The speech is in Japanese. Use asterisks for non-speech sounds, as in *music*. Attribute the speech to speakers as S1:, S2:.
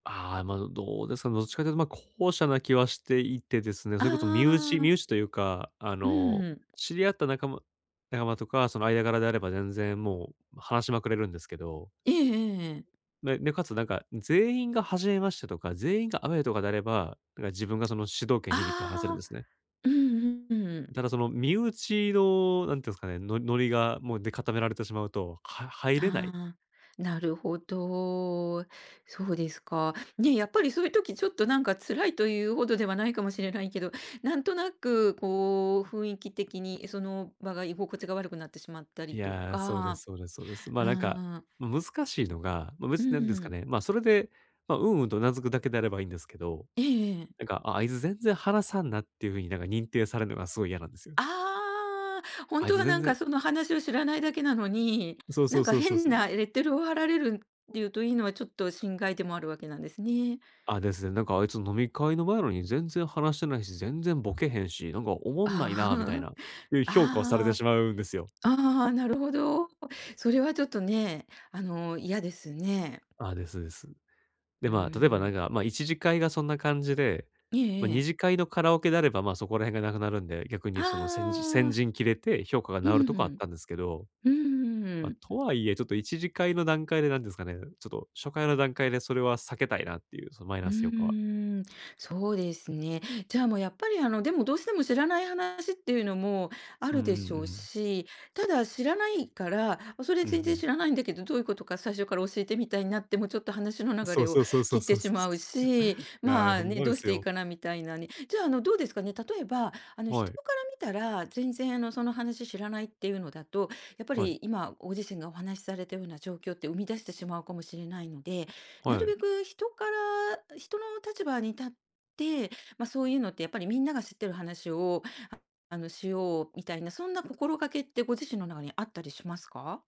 S1: ああ、ま、う、どうですか、どっちかというと、ま、後者な気はしていてですね。
S2: あ
S1: そ
S2: ああ
S1: れこそ身内
S2: ああああ
S1: 身
S2: あ。
S1: 内というか、あ
S2: う
S1: の、
S2: ーん。
S1: 知り合った仲間仲間とか、その間柄であれば、全然もう、話しまくれるんですけど。
S2: ええええええ。
S1: ね、で、かつなんか、全員が初めましてとか、全員がアウェイとかであれば、何か自分がその、主導権握って話せるんで
S2: あ
S1: す
S2: あ。
S1: ね。
S2: うんうん、うんうん。
S1: ただその、身内のなんて言うんすかね、ノノリが、もう、で固められてしまうと、は入れない？
S2: ああ、なるほど。そうですか。ね、やっぱりそういう時、ちょっとなんか、辛いというほどではないかもしれないけど、なんとなく、こう、雰囲気的にその場が、居心地が悪くなってしまった
S1: い
S2: りと
S1: や、そうで
S2: か
S1: すそうですそうです。
S2: う
S1: ま、
S2: ん
S1: なんか、
S2: うん。
S1: 難しいのが、ま、
S2: うん、
S1: 別
S2: う
S1: な
S2: う
S1: んです
S2: う
S1: か
S2: ん。
S1: ね、ま、それで、ま、うんうんと頷くだけであれば、いいんですけど。
S2: ええええええ。
S1: なんか「ああいづ全然話さんな」っていうふうに、なんか認定されんのが、すごい嫌なんですよ。
S2: ああ。ほん
S1: あい
S2: と
S1: つ
S2: は
S1: 全
S2: なん
S1: 然
S2: か、その話を知らないだけなのに、
S1: うそうそ
S2: なん
S1: う
S2: か
S1: そうそう
S2: 変
S1: そ
S2: な
S1: う。
S2: レッテルを貼られるんっていうと、いいのは、ちょっと心外でもあるわけなんですね。
S1: あ、ですね「なんかあいつ、飲み会の場やのに全然話してないし、全然ボケへんし、なんかおもんない
S2: あ
S1: な、みたい
S2: あ。
S1: な」いう
S2: *chuckles*
S1: 評価をされて
S2: あああ
S1: し
S2: あ。
S1: まうんですよ。
S2: ああ、なるほど。それはちょっとね、あの嫌ですね。
S1: あ、ですです。で、
S2: ううう
S1: ま、例えばなん
S2: ん。
S1: か、ま、一次会がそんな感じで、
S2: え
S1: ま、
S2: ええ
S1: 二
S2: え。
S1: 次会のカラオケであれば、ま、そこら辺がなくなるんで。逆にその、せんじ先
S2: ああ。
S1: 陣切れて、評価が
S2: う
S1: 直る
S2: ん、
S1: と
S2: ふ
S1: かあっ
S2: ん。
S1: たんですけど。
S2: うんうんうんう
S1: ま、
S2: ん。
S1: とはいえ、ちょっと一次会の段階で、なんですかね、ちょっと初回の段階で、それは避けたいなっていう、そのマイ
S2: うー
S1: ナス評価は。
S2: ん、そうですね。じゃあ、もうやっぱり、あの、でも、どうしても知らない話っていうのもあ
S1: うん
S2: るで
S1: う
S2: し
S1: ん
S2: ょ
S1: う
S2: う
S1: ん。
S2: し。ただ知らないから、ま、それ
S1: うんう
S2: 全然
S1: ん。
S2: 知らないんだけど、どういうことか、最初から教えてみたいなっても、ちょっと話の流
S1: そう
S2: れを
S1: そうそうそ
S2: 切
S1: う
S2: って
S1: そう
S2: し
S1: そう。
S2: まうし。
S1: *chuckles* い
S2: ま
S1: や、ほ
S2: あ、
S1: ん
S2: ね、
S1: ま
S2: ど
S1: で
S2: うし
S1: す
S2: ていい
S1: よ。
S2: かなみたいなね。じゃあ、あの、どうですかね。例えばあの、
S1: は
S2: 人
S1: い。
S2: から見たら全然あの、その話知らないっていうのだと、やっぱ
S1: はい。
S2: り今、ご自身がお話しされたような状況って、生み出してしまうかもしれないので、な
S1: は
S2: る
S1: い。
S2: べく人から人の立場に立って、ま、そういうのって、やっぱりみんなが知っている話を、はあの、しよう、みたいなそんな心がけって、ご自身の中にあったりしますか？